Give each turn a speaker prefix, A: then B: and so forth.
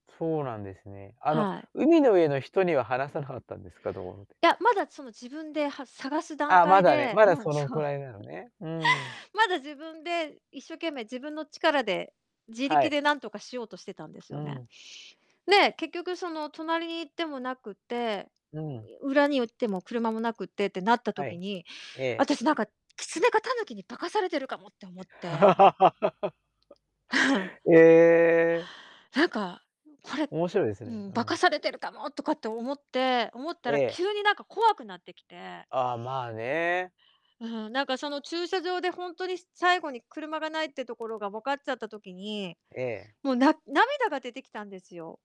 A: そうなんですね。あの、
B: はい。
A: 海の上の人には話さなかったんですか、道路で。
B: いや、まだその自分で、は探す段
A: あ、ま
B: 階
A: だね、
B: で、
A: まだ
B: うん、
A: その
B: そ
A: く
B: う。
A: らいなのね、うん。
B: まだ自分で、一生懸命自分の力で、自
A: は
B: 力
A: い。
B: で何とかしようとしてたんです
A: う
B: よね。
A: ん。
B: で、結局その隣に行ってもなくて、
A: うん。
B: 裏に行っても車もなくってってなった
A: は
B: 時
A: い。
B: に、
A: ええ。
B: 私なんかキツネかタヌキに化かされてるかもって思って。
A: ええ。
B: なんか、これ、
A: 面白いです
B: う
A: ね、
B: ん、
A: う
B: 化か
A: ん。
B: されてるかもとかって思って思った
A: え
B: ら
A: え。
B: 急になんか怖くなってきて。
A: ああ、まあね。
B: うん、なんかその駐車場でほんとに最後に車がないってところがわかっちゃった時に、
A: ええ。
B: もうな涙が出てきたんですよ。